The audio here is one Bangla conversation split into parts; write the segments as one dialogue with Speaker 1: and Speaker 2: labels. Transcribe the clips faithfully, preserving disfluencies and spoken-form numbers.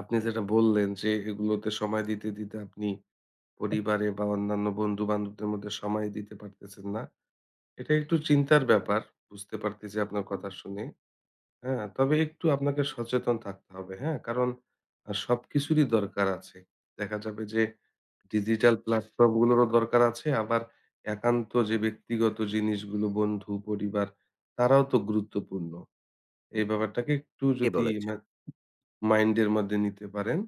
Speaker 1: আপনি যেটা বললেন যে, এগুলোকে সময় দিতে, দিতে আপনি পরিবারে বা অন্যান্য বন্ধু বান্ধবদের মধ্যে সময় দিতে পারতেছেন না। এটা একটু চিন্তার ব্যাপার। বুঝতে পারতেছি আপনার কথা শুনে। হ্যাঁ? তবে একটু আপনাকে সচেতন থাকতে হবে। হ্যাঁ? কারণ সবকিছুরই দরকার আছে। দেখা যাবে যে, ডিজিটাল প্লাটফর্ম গুলোরও দরকার আছে। আবার একান্ত যে, ব্যক্তিগত জিনিসগুলো বন্ধু, পরিবার, তারাও তো গুরুত্বপূর্ণ। এই ব্যাপারটাকে একটু
Speaker 2: কে
Speaker 1: যদি
Speaker 2: বলেছে?
Speaker 1: মা মাইন্ড এর মধ্যে নিতে পারেন,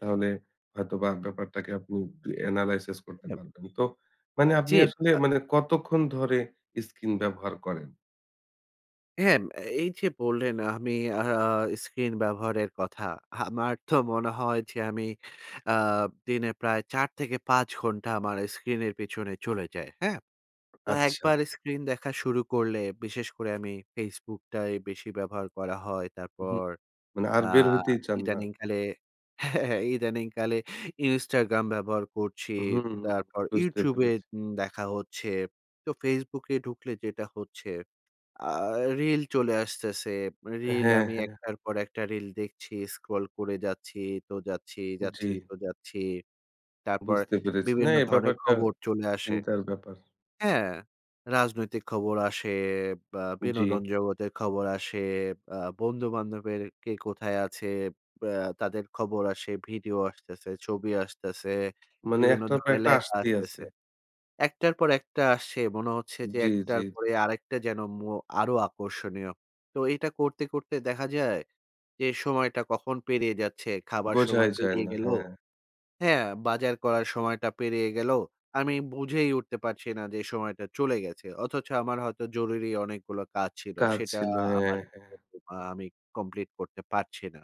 Speaker 1: তাহলে হয়তোবা ব্যাপারটাকে আপনি এনালাইসিস করতে
Speaker 2: হলেও।
Speaker 1: পারবেন। তো মানে
Speaker 2: জি,
Speaker 1: আপনি আসলে,
Speaker 2: আ
Speaker 1: মানে কতক্ষণ ধরে স্কিন ব্যবহার করেন?
Speaker 2: হ্যাঁ, এই যে, বললেন। আমি অ্যা অ্যা হা, স্ক্রিন ব্যবহারের কথা। আমার তো মনে হয় যে, অ্যা আব আমি দিনে প্রায় চার থেকে পাঁচ ঘন্টা আমার স্ক্রিনের পেছনে চলে যাই। হ্যাঁ? তো
Speaker 1: আচ্ছা।
Speaker 2: একবার স্ক্রিন দেখা শুরু করলে, বিশেষ করে আমি ফেসবুকটাই বেশি ব্যবহার করা হয়।
Speaker 1: উঁহু।
Speaker 2: তারপর,
Speaker 1: না। আর
Speaker 2: অ্যা
Speaker 1: বের হইতেই চান না।
Speaker 2: ইদানিংকালে, হ্যাঁ। ইদানিংকালে ইনস্টাগ্রাম ব্যবহার করছি।
Speaker 1: উ হুম।
Speaker 2: তারপর
Speaker 1: বুঝতে
Speaker 2: ইউটিউবে
Speaker 1: পেরেছি।
Speaker 2: উম দেখা হচ্ছে। তো ফেসবুকে ঢুকলে যেটা হচ্ছে, আ রিল চলে আসতেছে। রিল
Speaker 1: হ্যাঁ,
Speaker 2: আমি
Speaker 1: হ্যাঁ।
Speaker 2: একটার পর একটা রিল দেখছি। স্ক্রল করে যাচ্ছি তো যাচ্ছি। যাচ্ছি
Speaker 1: জি।
Speaker 2: তো যাচ্ছি। তারপর
Speaker 1: বুঝতে পেরেছি। না।
Speaker 2: বিভিন্ন
Speaker 1: এই
Speaker 2: ধরনের
Speaker 1: ব্যাপারটা
Speaker 2: খবর চলে আসে।
Speaker 1: চিন্তার ব্যাপার।
Speaker 2: হ্যাঁ, রাজনৈতিক খবর আসে, আ ব
Speaker 1: জি।
Speaker 2: বিনোদন জগতের খবর আসে, অ্যা বন্ধু-বান্ধবের কে কোথায় আছে, অ্যা তাদের খবর আসে, ভিডিও আসতেছে, ছবি আসতেছে,
Speaker 1: মানে,
Speaker 2: বিভিন্ন
Speaker 1: একটার পর
Speaker 2: ধরনের
Speaker 1: একটা
Speaker 2: লেখা
Speaker 1: আসতেই আছে।
Speaker 2: আসতেছে। একটার পর একটা আসছে। মনে হচ্ছে যে,
Speaker 1: জি, জি।
Speaker 2: একটার পরে আরেকটা যেন ম আরো আকর্ষণীয়। তো এটা করতে, করতে দেখা যায়, যে, সময়টা কখন পেরিয়ে যাচ্ছে, খাবার
Speaker 1: বোঝাই
Speaker 2: সময়
Speaker 1: যায়
Speaker 2: পেরিয়ে
Speaker 1: না,
Speaker 2: গেল।
Speaker 1: হ্যাঁ।
Speaker 2: হ্যাঁ? বাজার করার সময়টা পেরিয়ে গেল। আমি বুঝেই উঠতে পারছি না যে, সময়টা চলে গেছে। অথচ আমার হয়তো জরুরি অনেকগুলো কাজ ছিল।
Speaker 1: কাজ
Speaker 2: সেটা
Speaker 1: ছিল।
Speaker 2: আ
Speaker 1: হ্যাঁ,
Speaker 2: আমার
Speaker 1: হ্যাঁ।
Speaker 2: আ আমি কমপ্লিট করতে পারছি না।